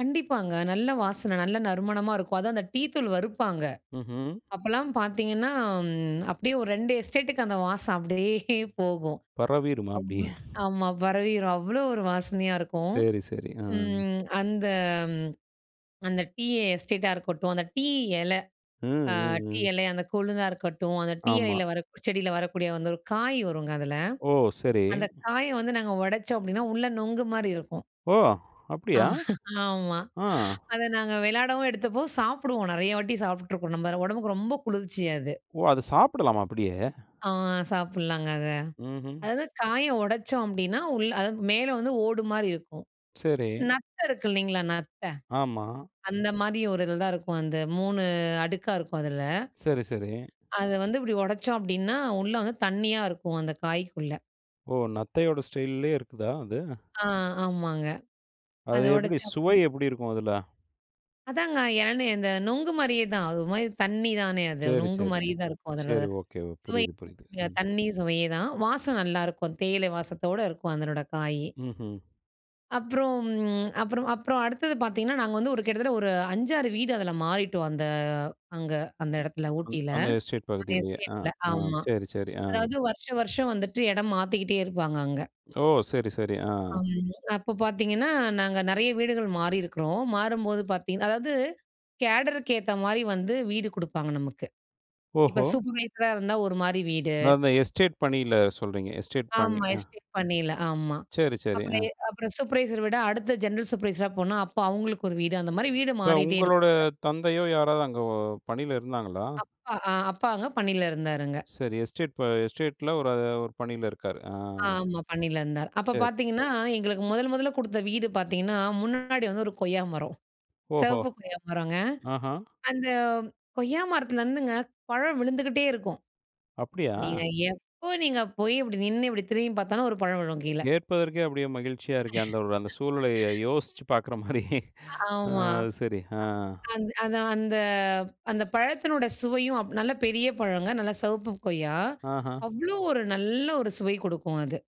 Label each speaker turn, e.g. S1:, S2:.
S1: கண்டிப்பாங்க. நல்ல வாசனை, நல்ல நறுமணமா இருக்கும். அதுவும் அந்த டீ தூள் வறுப்பாங்க,
S2: ம்ஹம்.
S1: அப்போலாம் பார்த்தீங்கன்னா, ம் அப்படியே ஒரு 2 எஸ்டேட்டுக்கு அந்த வாசம் அப்படியே போகும்,
S2: பரவிருமா
S1: அவ்
S2: அப்படி?
S1: ஆமா பரவிரும். அவ்வளோ ஒரு வாசனையா இருக்கும்.
S2: சரி, சரி. ஆ.
S1: ம் அந்த அந்த டீ எஸ்டேட்டா இருக்கட்டும், அந்த டீ இலை,
S2: ம்,
S1: ஆ
S2: ம்,
S1: டீ
S2: ம்.
S1: இலை அந்த கொழுந்தா இருக்கட்டும், அந்த டீ
S2: ஆமா.
S1: இலையில வர செடியில வரக்கூடிய வந்து ஒரு காய் வருங்க அதில,
S2: ஓ, சரி.
S1: அந்த காயை வந்து நாங்க உடைச்சோம் அப்படின்னா உள்ள நொங்கு மாரி இருக்கும்.
S2: ஓ! அப்படியா?
S1: ஆமா.
S2: ஆ.
S1: அதை நாங்க விளையாடவும் எடுத்துப்போம், சாப்பிடுவோம் நிறைய வாட்டி சாப்பிட்டுருக்கோம் நம்ம உடம்புக்கு ரொம்ப குளிர்ச்சி அது.
S2: ஓ! அதை சாப்பிடலாமா அப்படியே?
S1: ஆ சாப்பிடலாங்க அத.
S2: ம்ஹம்.
S1: அதாவது காயை உடைச்சோம் அப்படின்னா, உள்ள அது மேல வந்து ஓடு மாரி இருக்கும்,
S2: சரி.
S1: நத்தை இருக்கு இல்லைங்களா நத்தை,
S2: ஆமா.
S1: அந்த மாதிரி ஒரு இதில தான் இருக்கும், அந்த 3 அடுக்கா இருக்கும் அதில.
S2: சரி, சரி.
S1: அதை வந்து இப்படி உடைச்சோம் அப்படினா, உள்ள வந்து தண்ணியா இருக்கும் அந்த காய்க்குள்ள.
S2: ஓ, நத்தையோட ஸ்டைல்லயே இருக்குதா அது?
S1: ஆ, ஆமாங்க.
S2: அது
S1: அதை
S2: எப்படி
S1: உடைச்சி அப்படி
S2: சுவை எப்படி இருக்கும் அதுல?
S1: அதாங்க இழனி இந்த நுங்கு மாரியே தான், அது ஒரு மாரி தண்ணி தானே அது,
S2: சரி,
S1: நுங்கு
S2: சரி,
S1: மாரியே
S2: சரி.
S1: தான் இருக்கும்
S2: சரி,
S1: அதோட,
S2: ஓகே.
S1: சுவை
S2: புரியுது, புரியுது ம்.
S1: தண்ணி சுவையேதான், வாசம் நல்லாயிருக்கும் தேயிலை வாசத்தோடு இருக்கும் அதனோடய காய்.
S2: ம்ஹம்.
S1: அப்புறம் அப்புறம் அப்புறம் அடுத்தது பார்த்தீங்கன்னா, நாங்க வந்து ஒரு கிட்டத்தட்ட ஒரு 5, 6 வீடு அதில மாறிட்டோம், அந்த அங்க அந்த இடத்தில ஊட்டியில,
S2: அந்த எஸ்டேட்
S1: அந்த
S2: பகுதியிலேயே ஆ,
S1: எஸ்டேட்டில
S2: ஆ.
S1: ஆமாம்,
S2: சரி, சரி. ஆ.
S1: அதாவது வருஷம், வருஷம் வந்துட்டு இடம் மாத்திக்கிட்டே இருப்பாங்க அங்க.
S2: ஓ! சரி, சரி. ஆ.
S1: அம். அப்போ பார்த்தீங்கன்னா, நாங்க நிறைய வீடுகள் மாறியிருக்கிறோம், மாறும்போது பார்த்தீங் அதாவது கேடரு கு ஏத்த மாரி வந்து வீடு கொடுப்பாங்க நமக்கு. இப்போ
S2: ஓஹோ!
S1: சூப்பர்வைசர் அ இருந்தா ஒரு மாரி வீடு.
S2: அத அந்த எஸ்டேட் பணியில சொல்லுறீங்க. எஸ்டேட் பணி
S1: ஆமா.
S2: ஆ.
S1: எஸ்டேட் பணில ஆமா.
S2: சரி, சரி.
S1: அப்புறம்
S2: ஆ.
S1: எ அப்புறம் சுப்ரவைசர் விட அடுத்த ஜென்ரல் சூப்பர்வைசர் அ போனா அப்போ அவங்களுக்கு ஒரு வீடு அந்த மாரி வீடு,
S2: இப்ப
S1: மாறிட்டே
S2: உங்களோட
S1: இருப்பாங்க.
S2: தந்தையோ யாராவது அங்க ஒ பணியில இருந்தாங்களா?
S1: அப்பா ஆ அப்பா அங்க பணியில இருந்தாருங்க.
S2: சரி எஸ்டேட் ப எஸ்டேட்ல ஒரு ஒரு பணியில இருக்காரு. ஆ.
S1: ஆமா, பணியில இருந்தாரு. அப்போ
S2: சரி.
S1: பார்த்தீங்கன்னா, எங்களுக்கு முதல் முதலில கொடுத்த வீடு பார்த்தீங்கன்னா முன்னாடி வந்து ஒரு கொய்யா மரம்,
S2: ஓஹோ!
S1: சிவப்பு கொய்யா மரங்க,
S2: ஆஹா.
S1: அந்த கொய்யா மரத்துலருந்துங்க பழம் விழுந்துகிட்டே இருக்கும்.
S2: அப்படியா?
S1: நீங்க எப்போ நீங்க போய் அப்படி நின்னு இப்படி திரும்பி பார்த்தாலும் ஒரு பழம் விழும் கீழே.
S2: கேட்பதற்கே அப்படியே மகிழ்ச்சியா இருக்கே, அந்த ஒரு அந்த சூழ்நிலையை யோசிச்சு பார்க்குற மாரி.
S1: ஆமா.
S2: அது சரி ஆ.
S1: அந் அந்த அந்த அந்த பழத்தினுடைய சுவையும் அப் நல்ல பெரிய பழங்க, நல்ல சிவப்பு கொய்யா,
S2: ஆஹ.
S1: அவ்வளோ ஒரு நல்ல ஒரு சுவை கொடுக்கும் அது.